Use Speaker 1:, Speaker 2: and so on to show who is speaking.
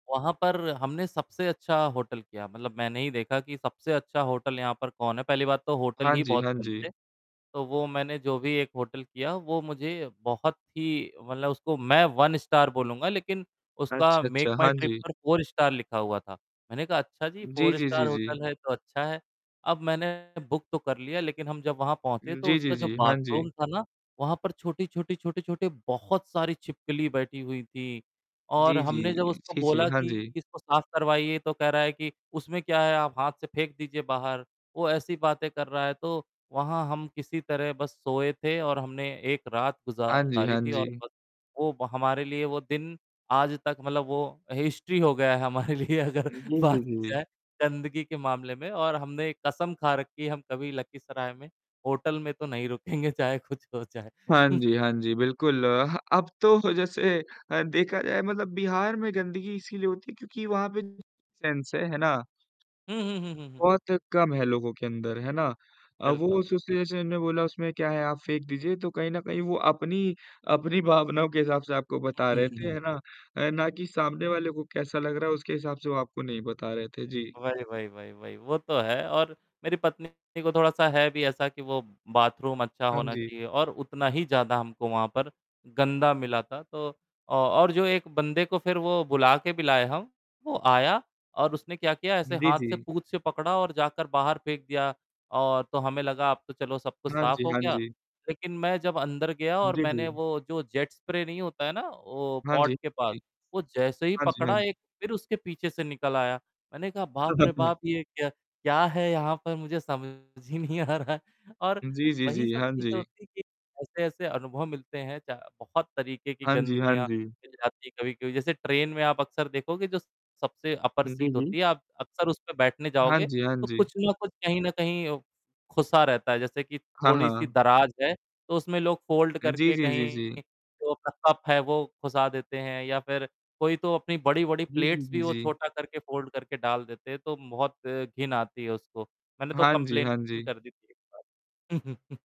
Speaker 1: वहाँ पर हमने सबसे अच्छा होटल किया, मतलब मैंने ही देखा कि सबसे अच्छा होटल यहाँ पर कौन है, पहली बात तो होटल
Speaker 2: हाँ
Speaker 1: ही
Speaker 2: जी।
Speaker 1: बहुत
Speaker 2: हाँ
Speaker 1: कम
Speaker 2: जी।
Speaker 1: थे। तो वो मैंने जो भी एक होटल किया, वो मुझे बहुत ही मतलब उसको मैं 1 स्टार बोलूँगा लेकिन उसका
Speaker 2: अच्छा,
Speaker 1: मेक
Speaker 2: अच्छा,
Speaker 1: माय
Speaker 2: हाँ
Speaker 1: ट्रिप
Speaker 2: जी।
Speaker 1: पर 4 स्टार लिखा हुआ था, मैंने कहा, "अच्छा जी,
Speaker 2: जी,
Speaker 1: 4
Speaker 2: जी,
Speaker 1: स्टार
Speaker 2: जी, जी।
Speaker 1: होटल है, तो अच्छा है।" अब मैंने बुक तो कर लिया, लेकिन हम जब वहाँ पहुँचे तो
Speaker 2: जी, जी,
Speaker 1: उसका जो
Speaker 2: जी, हाँ
Speaker 1: बाथरूम
Speaker 2: जी।
Speaker 1: था ना, वहाँ पर छोटी-छोटी छोटी-छोटी, बहुत सारी छिपकली बैठी हुई थी और
Speaker 2: जी, जी,
Speaker 1: हमने जब उसको
Speaker 2: जी, जी,
Speaker 1: बोला
Speaker 2: हाँ
Speaker 1: कि,
Speaker 2: जी।
Speaker 1: "इसको साफ करवाइए," तो कह रहा है कि, "उसमें क्या है आप हाथ से फेंक दीजिए बाहर," वो ऐसी बातें कर रहा है, तो वहाँ हम किसी तरह बस सोए थे और हमने 1 रात
Speaker 2: हाँ जी।
Speaker 1: गुजारी
Speaker 2: हाँ
Speaker 1: थी और
Speaker 2: जी।
Speaker 1: बस, वो व हमारे लिए, वो दिन आज तक मतलब वो हिस्ट्री हो गया है हमारे लिए अगर
Speaker 2: जी, जी,
Speaker 1: बात की
Speaker 2: जी।
Speaker 1: जाए गंदगी के मामले में और हमने कसम खा रखी है, हम कभी लखीसराय में होटल में तो नहीं रुकेंगे चाहे कुछ हो जाए।
Speaker 2: हाँ जी। हाँ जी, बिल्कुल, अब तो जैसे अ, देखा जाए मतलब बिहार में गंदगी इसीलिए होती है क्योंकि वहाँ पे सेंस है ना?
Speaker 1: हुँ, हुँ, हुँ, हुँ, हुँ।
Speaker 2: बहुत कम है लोगों के अंदर। है ना? अ, वो
Speaker 1: बिल्कुल।
Speaker 2: एसोसिएशन ने बोला उसमें क्या है आप फेंक दीजिए, तो कहीं न कहीं वो अपनी, अपनी भावनाओं के हिसाब से आपको बता
Speaker 1: हुँ,
Speaker 2: रहे थे।
Speaker 1: हुँ।
Speaker 2: है ना, ना कि सामने वाले को कैसा लग रहा है, उसके हिसाब से वह आपको नहीं बता रहे थे। जी।
Speaker 1: वही, वही, वही, वही, वो तो है और मेरी पत्नी को थोड़ा सा है भी ऐसा कि वो बाथरूम अच्छा
Speaker 2: हाँ
Speaker 1: होना
Speaker 2: जी।
Speaker 1: चाहिए और उतना ही ज़्यादा हमको वहाँ पर गंदा मिला था, तो अ, और जो 1 बंदे को फिर वो बुला के भी लाए हम, वो आया और उसने क्या किया ऐसे
Speaker 2: जी,
Speaker 1: हाथ से
Speaker 2: जी।
Speaker 1: पूंछ से पकड़ा और जाकर बाहर फेंक दिया और तो हमें लगा अब तो चलो सब कुछ
Speaker 2: हाँ
Speaker 1: साफ
Speaker 2: जी।
Speaker 1: हो
Speaker 2: हाँ
Speaker 1: गया,
Speaker 2: जी।
Speaker 1: लेकिन मैं जब अंदर गया और
Speaker 2: जी,
Speaker 1: मैंने
Speaker 2: जी।
Speaker 1: वो जो जेट स्प्रे नहीं होता है ना वो
Speaker 2: हाँ
Speaker 1: पॉट
Speaker 2: जी।
Speaker 1: के पास,
Speaker 2: जी।
Speaker 1: वो जैसे ही
Speaker 2: हाँ जी। हाँ
Speaker 1: पकड़ा
Speaker 2: जी।
Speaker 1: एक फिर उसके पीछे से निकल आया। मैंने कहा, "बाप रे, बाप! ये क्या क्या है यहाँ पर मुझे समझ ही नहीं आ रहा है।" और
Speaker 2: जी, जी,
Speaker 1: वही
Speaker 2: जी,
Speaker 1: सब
Speaker 2: हाँ
Speaker 1: चीज़
Speaker 2: जी।
Speaker 1: होती कि ऐसे-ऐसे अनुभव मिलते हैं चा बहुत तरीके की
Speaker 2: हाँ जी। हाँ
Speaker 1: गंदगियाँ
Speaker 2: जी।
Speaker 1: मिल जाती है कभी-कभी, जैसे ट्रेन में आप अक्सर देखोगे जो स सबसे अपर
Speaker 2: हुँ, जी,
Speaker 1: सीट
Speaker 2: जी।
Speaker 1: होती है आप अक्सर उस पे बैठने
Speaker 2: हाँ
Speaker 1: जाओगे
Speaker 2: जी, हाँ
Speaker 1: तो
Speaker 2: जी।
Speaker 1: कुछ न कुछ कहीं न कहीं खुसा रहता है जैसे कि
Speaker 2: हाँ,
Speaker 1: थोड़ी सी
Speaker 2: हाँ।
Speaker 1: दराज है, तो उसमें लोग फोल्ड
Speaker 2: जी,
Speaker 1: करके
Speaker 2: जी, जी, जी।
Speaker 1: कहीं जो अपना कप है वो खुसा देते हैं या फिर कोई तो अपनी बड़ी-बड़ी
Speaker 2: जी, जी,
Speaker 1: प्लेट्स भी
Speaker 2: जी,
Speaker 1: वो
Speaker 2: जी।
Speaker 1: छोटा करके फोल्ड करके डाल देते हैं, तो बहुत घिन आती है उसको। मैंने तो
Speaker 2: हाँ जी, हाँ
Speaker 1: कंप्लेंट
Speaker 2: जी।
Speaker 1: कर दी थी एक बार।